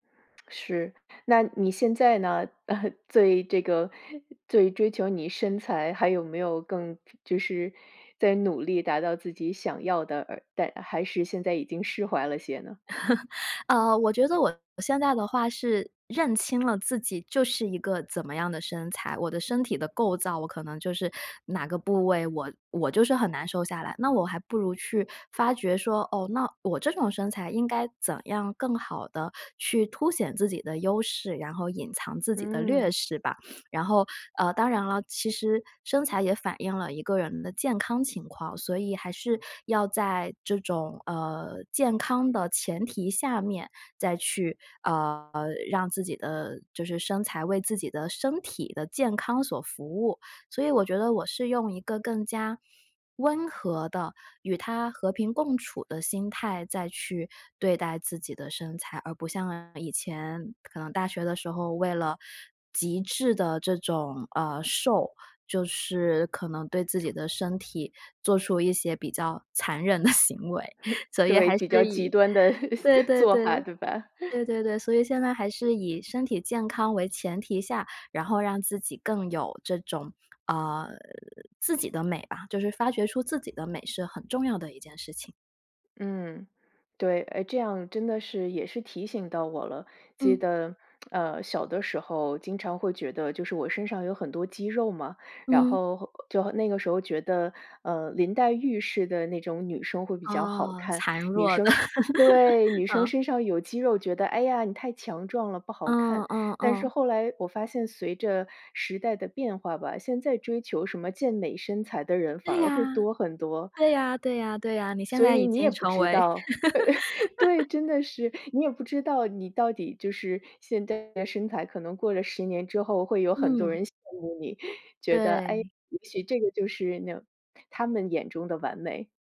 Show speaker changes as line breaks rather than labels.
是，那你现在呢？最这个最追求你身材，还有没有更就是在努力达到自己想要的呃但还是现在已经释怀了些呢？
呃，我觉得我现在的话是认清了自己就是一个怎么样的身材，我的身体的构造我可能就是，哪个部位我我就是很难瘦下来，那我还不如去发觉说，哦，那我这种身材应该怎样更好地去凸显自己的优势，然后隐藏自己的略
嗯。
势吧。然后，呃，当然了，其实，身材也反映了一个人的健康情况，所以还是，要在这种呃，健康的前提下面，再去，呃，让自己的，就是身材为自己的身体的健康所服务。所以我觉得我是用一个更加温和的，与它和平共处的心态再去对待自己的身材。而不像以前，可能大学的时候为了，极致的这种，呃，瘦，就是可能对自己的身体，做出一些比较残忍的行为。所以
对，
还
比较
是
极
以，
端的
对对
做法，
对。
对吧？
对对对。所以现在还是以身体健康为前提下，然后让自己更有这种，呃，自己的美吧，就是发掘出自己的美是很重要的一件事情。
嗯，对，诶这样真的是也是提醒到我了，记
嗯。
得，呃，小的时候经常会觉得就是我身上有很多肌肉嘛，然
嗯。
后就那个时候觉得，呃，林黛玉似的那种女生会比较好
哦，
看。
孱
女
弱的。
生是对。女生
嗯。
身上有肌肉，觉得唉呀你太强壮了不好
嗯
看。
嗯
但是
嗯。
后来我发现随着时代的变化吧，现在追求什么健美身材的人反
对
而会
呀，
多很多。
对呀对呀对呀，你现
所
在
以
已
你也
经
不
成
知
为
道。对对，真的 是，你也不知道你到底就是现在的身材，可能过了10年之后，会有很多
嗯。
人羡慕你，觉得，诶，
对。
也许这个就是那种他们眼中的完美。